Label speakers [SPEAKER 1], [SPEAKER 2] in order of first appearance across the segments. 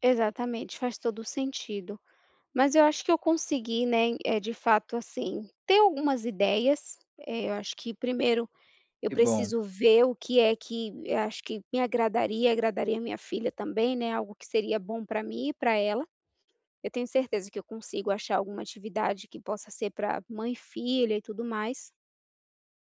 [SPEAKER 1] Exatamente, faz todo o sentido, mas eu acho que eu consegui, né, eh, de fato assim, ter algumas ideias, eu acho que 1º eu
[SPEAKER 2] Que bom.
[SPEAKER 1] preciso ver o que é que eu acho que me agradaria, agradaria a minha filha também, né, algo seria bom para mim e para ela, eu tenho certeza que eu consigo achar alguma atividade que possa ser para mãe e filha e tudo mais.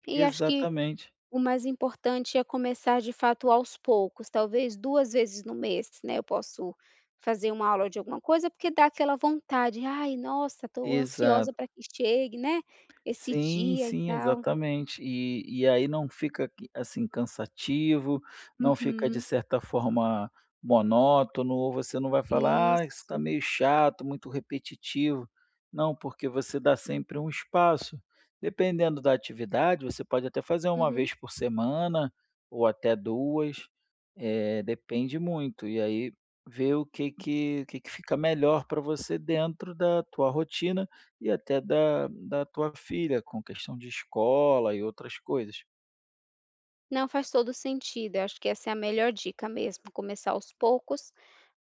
[SPEAKER 1] E acho que
[SPEAKER 2] Exatamente.
[SPEAKER 1] o mais importante é começar de fato aos poucos, talvez 2 vezes no mês, né, eu posso fazer uma aula de alguma coisa, porque dá aquela vontade: "Ai nossa estou ansiosa
[SPEAKER 2] Exato.
[SPEAKER 1] para que chegue, né, esse
[SPEAKER 2] Sim,
[SPEAKER 1] dia e
[SPEAKER 2] sim,
[SPEAKER 1] tal".
[SPEAKER 2] exatamente. E, e aí não fica, assim, cansativo, não fica de
[SPEAKER 1] Uhum.
[SPEAKER 2] certa forma monótono, ou você não vai falar: "Ah, isso está
[SPEAKER 1] Isso.
[SPEAKER 2] meio chato, muito repetitivo". Não, porque você dá sempre um espaço. Dependendo da atividade, você pode até fazer 1
[SPEAKER 1] Uhum.
[SPEAKER 2] vez por semana, ou até 2, eh, depende muito, e aí, ver o que que o que que fica melhor para você dentro da tua rotina, e até da da tua filha, com questão de escola e outras coisas.
[SPEAKER 1] Não, faz todo o sentido, acho que essa é a melhor dica mesmo, começar aos poucos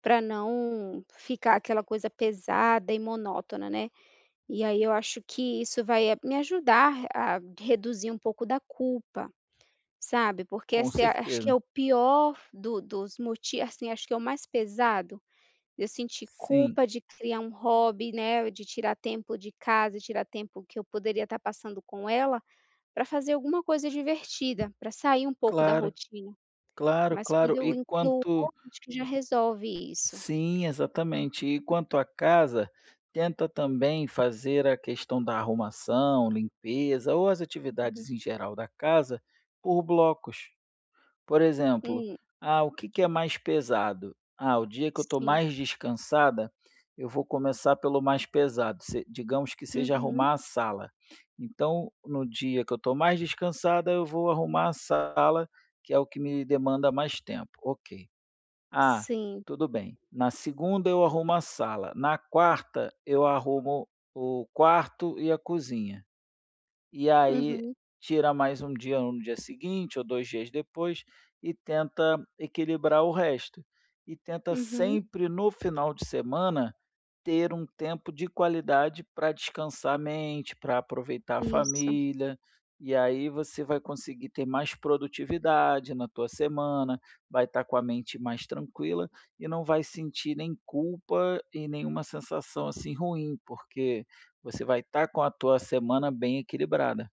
[SPEAKER 1] para não ficar aquela coisa pesada e monótona, né, e aí eu acho que isso vai me ajudar a re a reduzir um pouco da culpa, sabe, porque
[SPEAKER 2] Com
[SPEAKER 1] essa é acho que é
[SPEAKER 2] certeza.
[SPEAKER 1] o pior do dos m assim acho que é o mais pesado, eu sentir
[SPEAKER 2] Sim.
[SPEAKER 1] culpa de criar um hobby, né, de tirar tempo de casa, tirar tempo que eu poderia estar passando com ela, para fazer alguma coisa divertida, para sair um pouco da
[SPEAKER 2] Claro,
[SPEAKER 1] rotina,
[SPEAKER 2] claro,
[SPEAKER 1] mas quando
[SPEAKER 2] claro.
[SPEAKER 1] eu
[SPEAKER 2] E
[SPEAKER 1] incluo
[SPEAKER 2] quanto
[SPEAKER 1] acho que já resolve isso.
[SPEAKER 2] Sim, exatamente. E quanto à casa, tenta também fazer a questão da arrumação, limpeza ou as
[SPEAKER 1] Uhum.
[SPEAKER 2] atividades em geral da casa, por blocos, por exemplo:
[SPEAKER 1] Hum.
[SPEAKER 2] "Ah ,o que que é mais pesado? Ah o dia que eu estou
[SPEAKER 1] Sim.
[SPEAKER 2] mais descansada, eu vou começar pelo mais pesado", se digamos que seja
[SPEAKER 1] Uhum.
[SPEAKER 2] arrumar a sala, então: "No dia que eu estou mais descansada, eu vou arrumar a sala, que é o que me demanda mais tempo, ok, ah,
[SPEAKER 1] Sim.
[SPEAKER 2] tudo bem. Na segunda eu arrumo a sala, na quarta eu arrumo o quarto e a cozinha". E aí
[SPEAKER 1] Uhum.
[SPEAKER 2] tira mais um dia no dia seguinte ou 2 dias depois e tenta equilibrar o resto, e tenta
[SPEAKER 1] Uhum.
[SPEAKER 2] sempre no final de semana, ter um tempo de qualidade para descansar a mente, para aproveitar a
[SPEAKER 1] Isso.
[SPEAKER 2] família, e aí você vai conseguir ter mais produtividade na tua semana, vai estar com a mente mais tranquila e não vai sentir nem culpa e nenhuma sensação, assim, ruim, porque você vai estar com a tua semana bem equilibrada.